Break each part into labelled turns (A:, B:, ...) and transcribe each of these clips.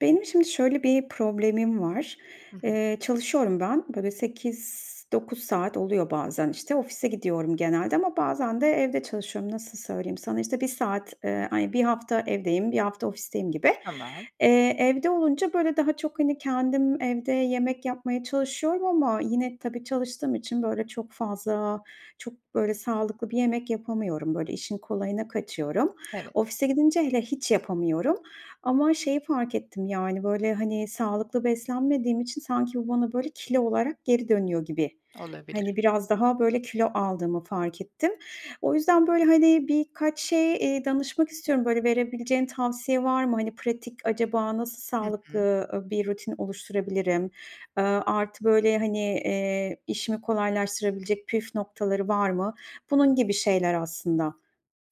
A: Benim şimdi şöyle bir problemim var.
B: Hı hı.
A: Eee, çalışıyorum ben. Böyle, bir 8-9 saat oluyor bazen, işte, ofise gidiyorum genelde ama bazen de evde çalışıyorum. Nasıl söyleyeyim sana, işte, 1 saat, eee, ay 1 hafta evdeyim, 1 hafta ofisteyim gibi.
B: Tamam.
A: Eee, evde olunca, böyle, daha çok, hani, kendim evde yemek yapmaya çalışıyorum ama yine tabii çalıştığım için, böyle, çok fazla, çok, böyle, sağlıklı bir yemek yapamıyorum, böyle, işin kolayına kaçıyorum.
B: Evet.
A: Ofise gidince hele hiç yapamıyorum. Ama şeyi fark ettim, yani, böyle, hani, sağlıklı beslenmediğim için sanki bu bana, böyle, kilo olarak geri dönüyor gibi. Hani,
B: Olabilir.
A: biraz daha, böyle, kilo aldığımı fark ettim. O yüzden, böyle, hani, birkaç şey, eee, danışmak istiyorum. Böyle, verebileceğin tavsiye var mı? Hani, pratik acaba nasıl
B: Hı hı.
A: sağlıklı, ııı, bir rutin oluşturabilirim? Aaa, artı, böyle, hani, eee, işimi kolaylaştırabilecek püf noktaları var mı? Bunun gibi şeyler aslında.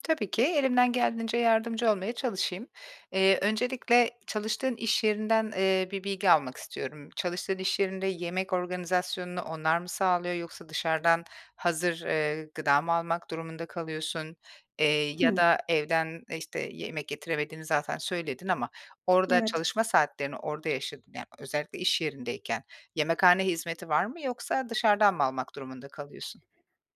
B: Tabii ki. Elimden geldiğince yardımcı olmaya çalışayım. Eee, öncelikle çalıştığın iş yerinden, eee, bir bilgi almak istiyorum. Çalıştığın iş yerinde yemek organizasyonunu onlar mı sağlıyor yoksa dışarıdan hazır, eee, gıda mı almak durumunda kalıyorsun? Eee, ya
A: Hıı.
B: da evden, işte, yemek getiremediğini zaten söyledin ama orada,
A: Evet.
B: çalışma saatlerini orada yaşadı ya, özellikle iş yerindeyken yemekhane hizmeti var mı yoksa dışarıdan mı almak durumunda kalıyorsun?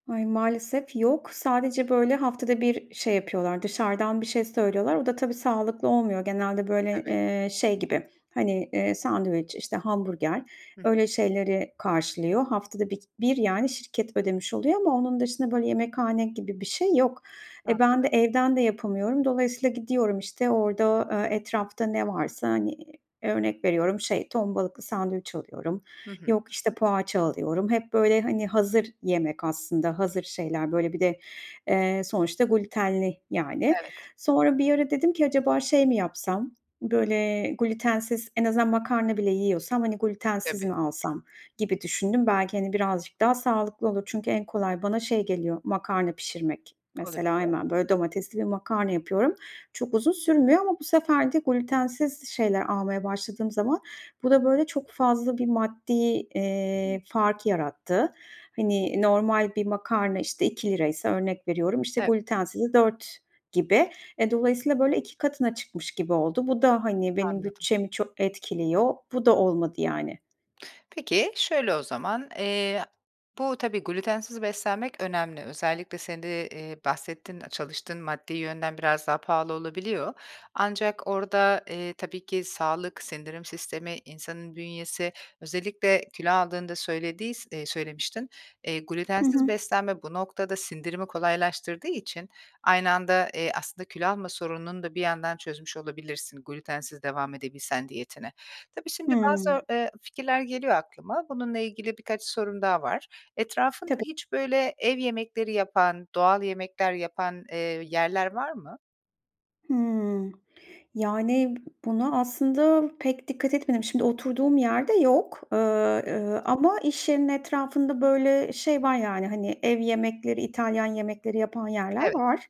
A: Ay, maalesef yok. Sadece, böyle, haftada bir şey yapıyorlar, dışarıdan bir şey söylüyorlar. O da tabii sağlıklı olmuyor. Genelde, böyle,
B: Tabii.
A: eee, şey gibi, hani, eee, sandviç, işte, hamburger
B: Hı hı.
A: öyle şeyleri karşılıyor. Haftada bir k bir, yani, şirket ödemiş oluyor ama onun dışında, böyle, yemekhane gibi bir şey yok. E, ben de
B: Anladım.
A: evden de yapamıyorum. Dolayısıyla gidiyorum, işte, orada, eee, etrafta ne varsa, hani, örnek veriyorum, şey, ton balıklı sandviç alıyorum,
B: Hı hı.
A: yok, işte, poğaça alıyorum. Hep, böyle, hani, hazır yemek aslında, hazır şeyler. Böyle, bir de, eee, sonuçta glütenli, yani.
B: Evet.
A: Sonra bir ara dedim ki acaba şey mi yapsam, böyle, glütensiz en azından makarna bile yiyorsam, hani, glütensiz
B: Tabii.
A: mi alsam gibi düşündüm. Belki, hani, birazcık daha sağlıklı olur. Çünkü en kolay bana şey geliyor, makarna pişirmek.
B: Olabilir.
A: Mesela, hemen, böyle, domatesli bir makarna yapıyorum. Çok uzun sürmüyor ama bu sefer de glütensiz şeyler almaya başladığım zaman bu da, böyle, çok fazla bir maddi, eee, fark yarattı. Hani, normal bir makarna, işte, 2 liraysa, örnek veriyorum, işte,
B: Ev
A: glütensizi 4 gibi. E, dolayısıyla, böyle, 2 katına çıkmış gibi oldu. Bu da, hani, benim
B: Anladım.
A: bütçemi çok etkiliyor. Bu da olmadı, yani.
B: Peki, şöyle o zaman, eee, bu tabii glütensiz beslenmek önemli. Özellikle senin de, ııı, bahsettin, çalıştığın maddi yönden biraz daha pahalı olabiliyor. Ancak orada, eee, tabii ki sağlık, sindirim sistemi, insanın bünyesi, özellikle kilo aldığında söylediys eee, söylemiştin. Eee,
A: Hı
B: glütensiz
A: hı.
B: beslenme bu noktada sindirimi kolaylaştırdığı için aynı anda, eee, aslında kilo alma sorununu da bir yandan çözmüş olabilirsin glütensiz devam edebilsen diyetine. Tabii, şimdi
A: Hıı.
B: bazı, eee, fikirler geliyor aklıma. Bununla ilgili birkaç sorum daha var. Etrafında
A: Tabii.
B: hiç, böyle, ev yemekleri yapan, doğal yemekler yapan, eee, yerler var mı?
A: Hıı. Yani, buna aslında pek dikkat etmedim. Şimdi oturduğum yerde yok. Iıı, ııı, ama iş yerinin etrafında, böyle, şey var, yani, hani, ev yemekleri, İtalyan yemekleri yapan yerler
B: Evet.
A: var.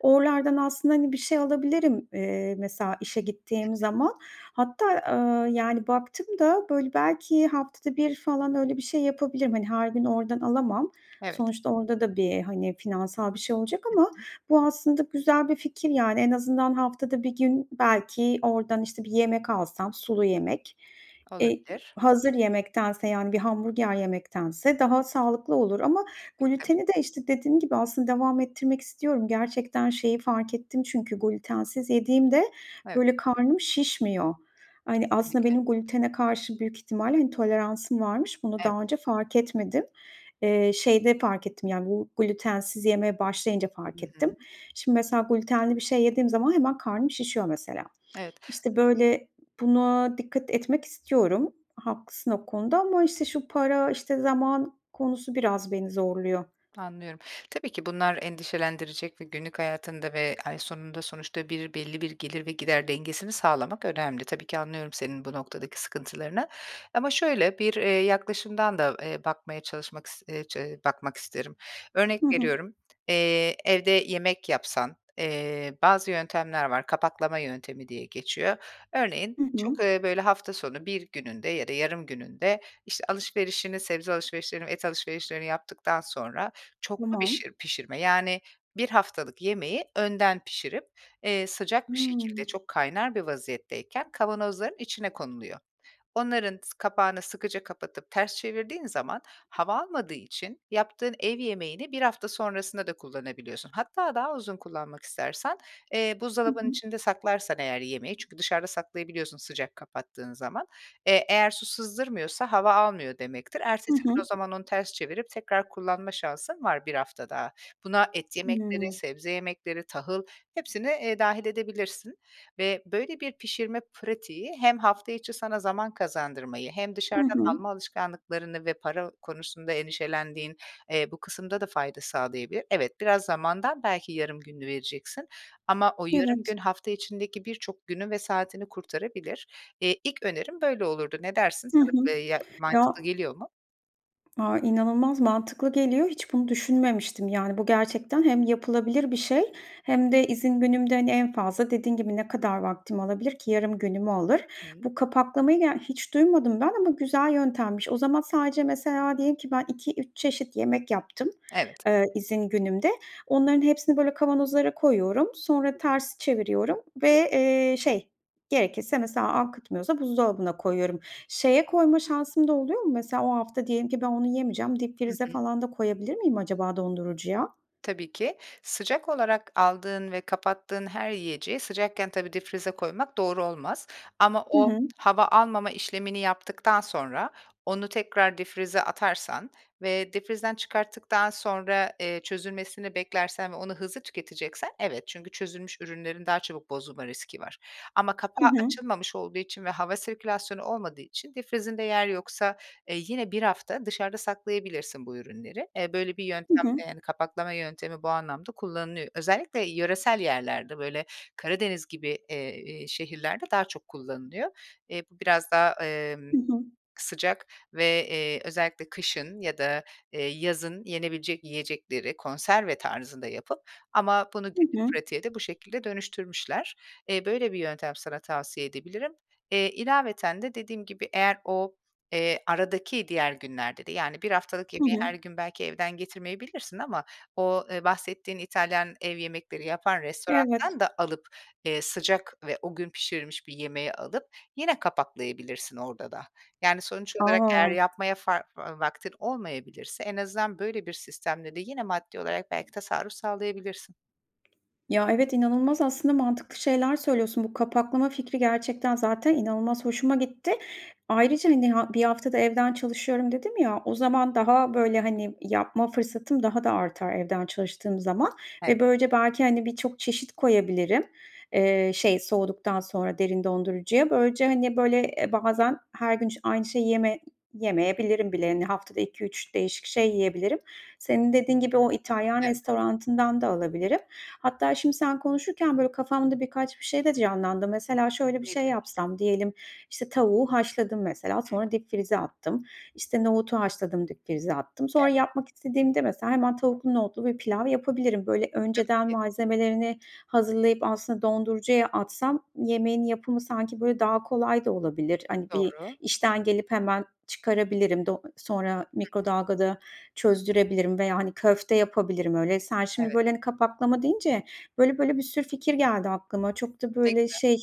A: Oralardan aslında, hani, bir şey alabilirim, eee, mesela, işe
B: Hı
A: gittiğim
B: hı.
A: zaman. Hatta, ııı, yani, baktım da böyle belki haftada 1 falan öyle bir şey yapabilirim, hani, her gün oradan alamam.
B: Evet.
A: Sonuçta orada da bir, hani, finansal bir şey olacak
B: Hı
A: ama
B: hı.
A: bu aslında güzel bir fikir, yani. En azından haftada 1 gün belki oradan, işte, bir yemek alsam, sulu yemek, eee,
B: Olabilir.
A: hazır yemektense, yani, bir hamburger yemektense daha sağlıklı olur. Ama
B: E, tabii.
A: glüteni de, işte, dediğim gibi aslında devam ettirmek istiyorum. Gerçekten şeyi fark ettim çünkü glütensiz yediğimde,
B: Evet.
A: böyle, karnım şişmiyor. Hani, aslında
B: Kesinlikle.
A: benim glütene karşı büyük ihtimalle, intoleransım varmış. Bunu
B: Evet.
A: daha önce fark etmedim. Eee, şeyde fark ettim, yani, bu glütensiz yemeye başlayınca
B: Hı
A: fark
B: hı.
A: ettim. Şimdi, mesela, glütenli bir şey yediğim zaman hemen karnım şişiyor mesela.
B: Evet.
A: İşte, böyle buna dikkat etmek istiyorum. Haklısın o konuda ama, işte, şu para, işte, zaman konusu biraz beni zorluyor.
B: Anlıyorum. Tabii ki bunlar endişelendirecek ve günlük hayatında ve ay sonunda sonuçta bir belli bir gelir ve gider dengesini sağlamak önemli. Tabii ki, anlıyorum senin bu noktadaki sıkıntılarını. Ama şöyle, bir, eee, yaklaşımdan da, eee, bakmaya çalışmak is eee, çe bakmak isterim. Örnek
A: Hı hı.
B: veriyorum, eee, evde yemek yapsan, eee, bazı yöntemler var, kapaklama yöntemi diye geçiyor. Örneğin
A: Hı
B: çok,
A: hı.
B: eee, böyle, hafta sonu bir gününde ya da yarım gününde, işte, alışverişini, sebze alışverişlerini, et alışverişlerini yaptıktan sonra çoklu
A: Tamam.
B: bişir pişirme. Yani, 1 haftalık yemeği önden pişirip, eee, sıcak bir şekilde,
A: Hıı.
B: çok kaynar bir vaziyetteyken kavanozların içine konuluyor. Onların s kapağını sıkıca kapatıp ters çevirdiğin zaman hava almadığı için yaptığın ev yemeğini 1 hafta sonrasında da kullanabiliyorsun. Hatta daha uzun kullanmak istersen, eee,
A: Hı
B: buzdolabının
A: hı.
B: içinde saklarsan eğer yemeği çünkü dışarıda saklayabiliyorsun sıcak kapattığın zaman. Eee, eğer su sızdırmıyorsa hava almıyor demektir.
A: Hı
B: Ertesi
A: hı.
B: gün o zaman onu ters çevirip tekrar kullanma şansın var 1 hafta daha. Buna et yemekleri,
A: Hıı.
B: sebze yemekleri, tahıl, hepsini, eee, dâhil edebilirsin. Ve böyle bir pişirme pratiği hem hafta içi sana zaman kazandırmayı hem
A: Hı
B: dışarıdan
A: hı.
B: alma alışkanlıklarını ve para konusunda endişelendiğin, eee, bu kısımda da fayda sağlayabilir. Evet, biraz zamandan belki yarım gününü vereceksin ama o yarım
A: Evet.
B: gün hafta içindeki birçok günü ve saatini kurtarabilir. Eee, ilk önerim böyle olurdu. Ne dersin?
A: Hı hı.
B: Sana b ya
A: Ya
B: mantıklı geliyor mu?
A: A, inanılmaz mantıklı geliyor. Hiç bunu düşünmemiştim, yani, bu gerçekten hem yapılabilir bir şey hem de izin günümde, hani, en fazla dediğin gibi ne kadar vaktim alabilir ki? Yarım günümü alır.
B: Hıı.
A: Bu kapaklamayı, ya, hiç duymadım ben ama güzel yöntemmiş. O zaman sadece, mesela, diyelim ki ben, 2-3 çeşit yemek yaptım,
B: Evet.
A: eee, izin günümde. Onların hepsini, böyle, kavanozlara koyuyorum, sonra ters çeviriyorum ve, eee, şey, gerekirse, mesela, akıtmıyorsa buzdolabına koyuyorum. Şeye koyma şansım da oluyor mu? Mesela, o hafta diyelim ki ben onu yemeyeceğim.
B: Hı
A: Dipfrize
B: hı.
A: falan da koyabilir miyim acaba dondurucuya?
B: Tabii ki. Sıcak olarak aldığın ve kapattığın her yiyeceği sıcakken tabii dipfrize koymak doğru olmaz. Ama
A: Hı
B: o
A: hı.
B: hava almama işlemini yaptıktan sonra onu tekrar dipfrize atarsan ve dipfrizden çıkarttıktan sonra, eee, çözülmesini beklersen ve onu hızlı tüketeceksen, evet. Çünkü çözünmüş ürünlerin daha çabuk bozulma riski var. Ama
A: Hı
B: kapağı
A: hı.
B: açılmamış olduğu için ve hava sirkülasyonu olmadığı için dipfrizinde yer yoksa, eee, yine 1 hafta dışarıda saklayabilirsin bu ürünleri. Eee, böyle bir
A: Hı
B: yöntem, eee,
A: hı.
B: yani, kapaklama yöntemi bu anlamda kullanılıyor. Özellikle yöresel yerlerde, böyle, Karadeniz gibi, eee, iii, şehirlerde daha çok kullanılıyor. Eee, bu biraz daha, emm,
A: Hı hı.
B: sıcak ve, eee, özellikle kışın ya da, eee, yazın yenebilecek yiyecekleri konserve tarzında yapıp ama bunu
A: Hı
B: günlük
A: hı.
B: pratiğe de bu şekilde dönüştürmüşler. Eee, böyle bir yöntem sana tavsiye edebilirim. Eee, ilaveten de dediğim gibi, eğer o, eee, aradaki diğer günlerde de, yani, haftalık
A: Hı
B: yemeği her
A: hı.
B: gün belki evden getirmeyebilirsin ama o, eee, bahsettiğin İtalyan ev yemekleri yapan
A: Evet.
B: restorandan da alıp, eee, sıcak ve o gün pişirilmiş bir yemeği alıp yine kapaklayabilirsin orada da. Yani, sonuç olarak eğer
A: A!
B: yapmaya fa va vaktin olmayabilirse en azından böyle bir sistemle de yine maddi olarak belki tasarruf sağlayabilirsin.
A: Ya, evet, inanılmaz aslında mantıklı şeyler söylüyorsun. Bu kapaklama fikri, gerçekten zaten inanılmaz hoşuma gitti. Ayrıca, hani, ha 1 hafta da evden çalışıyorum dedim ya, o
B: [unintelligible]
A: zaman daha, böyle, hani, yapma fırsatım daha da artar evden çalıştığım zaman.
B: Ev
A: Ve böylece belki, hani, birçok çeşit koyabilirim, eee, şey, soğuduktan sonra derin dondurucuya. Böylece, hani, böyle, eee, bazen her gün, işte, aynı şeyi yeme yemeyebilirim bile, hani, haftada 2-3 değişik şey yiyebilirim. Senin dediğin gibi o İtalyan
B: Evet.
A: restoranından da alabilirim. Hatta şimdi sen konuşurken, böyle, kafamda birkaç bir şey de canlandı. Mesela, şöyle bir şey
B: Nedir?
A: yapsam; diyelim, işte, tavuğu haşladım, mesela,
B: Hı hı.
A: sonra dipfrize attım. İşte, nohutu haşladım, dipfrize attım. Sonra
B: Ev
A: yapmak istediğimde, mesela, hemen tavuklu, nohutlu bir pilav yapabilirim. Böyle,
B: Tabii
A: önceden
B: ki.
A: malzemelerini hazırlayıp aslında dondurucuya atsam yemeğin yapımı sanki, böyle, daha kolay da olabilir. Hani,
B: Doğru.
A: bir işten gelip hemen çıkarabilirim, do sonra
B: Hı hı.
A: mikrodalgada çözdürebilirim veya, hani, köfte yapabilirim öyle. Sen, şimdi,
B: Evet.
A: böyle, hani, kapaklama deyince böyle böyle bir sürü fikir geldi aklıma. Çok da,
B: Ne
A: böyle,
B: güzel.
A: şey,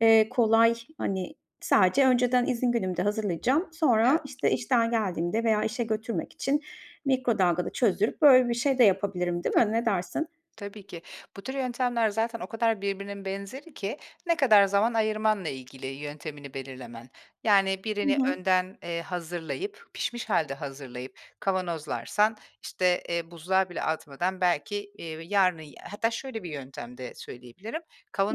A: eee, kolay, hani, sadece önceden izin günümde hazırlayacağım.
B: Evet.
A: Sonra, işte, işten geldiğimde veya işe götürmek için mikrodalgada çözdürüp, böyle, bir şey de yapabilirim, değil
B: Tabii ki.
A: mi? Ne dersin?
B: Tabii ki. Bu tür yöntemler zaten o kadar birbirinin benzeri ki, ne kadar zaman ayırmanla ilgili yöntemini belirlemen. Yani,
A: Hı
B: birini
A: hı.
B: önden, eee, hazırlayıp, pişmiş hâlde hazırlayıp kavanozlarsan, işte, eee, buzluğa bile atmadan belki, iii, yarının y hatta şöyle bir yöntem de söyleyebilirim;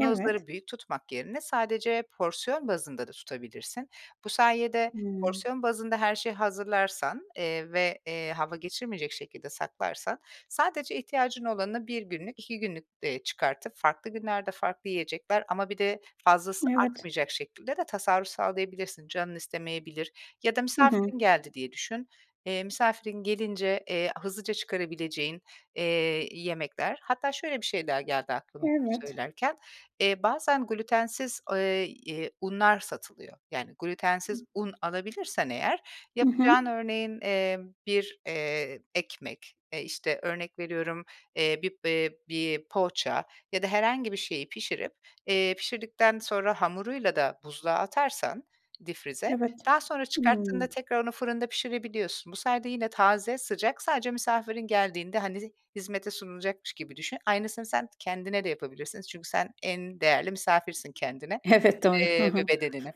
A: Evet.
B: büyük tutmak yerine sadece porsiyon bazında da tutabilirsin. Bu sayede
A: Hıı.
B: porsiyon bazında her şeyi hazırlarsan, eee, ve, eee, hava geçirmeyecek şekilde saklarsan sadece ihtiyacın olanı 1 günlük, 2 günlük, eee, çıkartıp farklı günlerde, farklı yiyecekler ama bir de fazlası
A: Evet.
B: artmayacak şekilde de tasarruf sağlayabilirsin. Canın istemeyebilir ya da
A: Hı hı.
B: misafirin geldi diye düşün. Eee, misafirin gelince, eee, hızlıca çıkarabileceğin, eee, yemekler. Hatta şöyle bir şey daha geldi aklıma bunu
A: Evet.
B: söylerken. Eee, bazen glütensiz, eee, eee, unlar satılıyor. Yani, glütensiz un alabilirsen eğer
A: I
B: yapacağın
A: hı.
B: örneğin, eee, bir, eee, ekmek, eee, işte, örnek veriyorum, eee, bir, eee, bir poğaça ya da herhangi bir şeyi pişirip, eee, pişirdikten sonra hamuruyla da buzluğa atarsan dipfrize,
A: Evet,
B: daha sonra çıkarttığında
A: hıı.
B: tekrar onu fırında pişirebiliyorsun. Bu sayede yine taze, sıcak, sadece misafirin geldiğinde, hani, hizmete sunulacakmış gibi düşün. Aynısını sen kendine de yapabilirsin çünkü sen en değerli misafirsin kendine,
A: Evet, doğru. Hı
B: eee, ve
A: hı.
B: bedenine.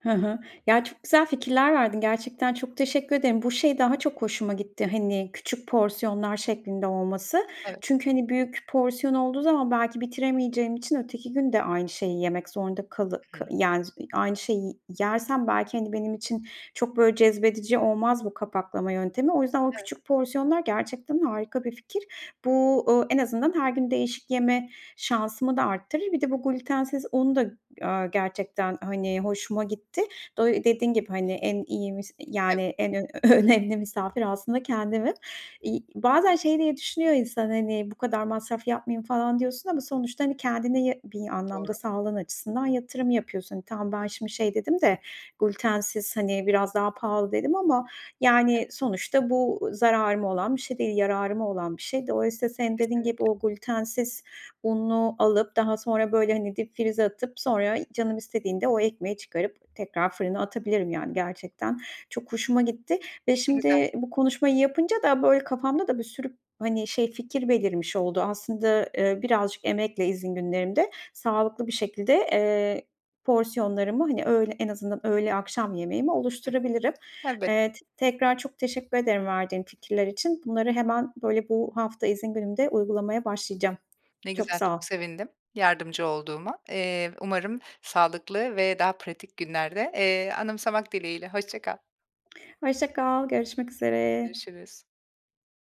A: Hı hı. Ya, çok güzel fikirler verdin. Gerçekten çok teşekkür ederim. Bu şey daha çok hoşuma gitti, hani, küçük porsiyonlar şeklinde olması.
B: Evet.
A: Çünkü, hani, büyük porsiyon olduğu zaman belki bitiremeyeceğim için öteki gün de aynı şeyi yemek zorunda kalı
B: Hı
A: k
B: hı.
A: yani, z iii, aynı şeyi yersem belki, hani, benim için çok, böyle, cezbedici olmaz bu kapaklama yöntemi. O yüzden o
B: Evet.
A: küçük porsiyonlar gerçekten harika bir fikir. Bu, ııı, en azından her gün değişik yeme şansımı da arttırır. Bir de bu glütensiz un da, ııı, gerçekten, hani, hoşuma gitti. Do dediğin gibi, hani, en iyi vis yani,
B: Evet.
A: en ö önemli misafir aslında kendimim. İii, bazen şey diye düşünüyor insan, hani, "Bu kadar masraf yapmayayım." falan diyorsun ama sonuçta, hani, kendine ya bir
B: Doğru.
A: anlamda sağlığın açısından yatırım yapıyorsun. Hani, tamam ben şimdi şey dedim de "Glütensiz, hani, biraz daha pahalı." dedim ama,
B: Evet.
A: yani, sonuçta bu zararıma olan bir şey değil, yararıma olan bir şey. Dolayısıyla, senin dediğin gibi,
B: Kesinlikle.
A: o glütensiz unu alıp, daha sonra, böyle, hani, dipfrize atıp, sonra canım istediğinde o ekmeği çıkarıp tekrar fırına atabilirim, yani, gerçekten çok hoşuma gitti. Ve
B: Ne güzel.
A: şimdi bu konuşmayı yapınca da, böyle, kafamda da bir sürü, hani, şey fikir belirmiş oldu. Aslında, eee, birazcık emekle izin günlerimde sağlıklı bir şekilde, eee, porsiyonlarımı, hani, öğ en azından öğle, akşam yemeğimi
B: Hı hı.
A: oluşturabilirim.
B: Elbette.
A: Eee, t tekrar çok teşekkür ederim verdiğin fikirler için. Bunları hemen, böyle, bu hafta izin günümde uygulamaya başlayacağım.
B: Ne
A: Çok
B: güzel,
A: sağ ol.
B: çok sevindim yardımcı olduğuma. Eee, umarım sağlıklı ve daha pratik günlerde, eee, anımsamak dileğiyle, hoşça kal.
A: Hoşça kal. Görüşmek üzere.
B: Görüşürüz.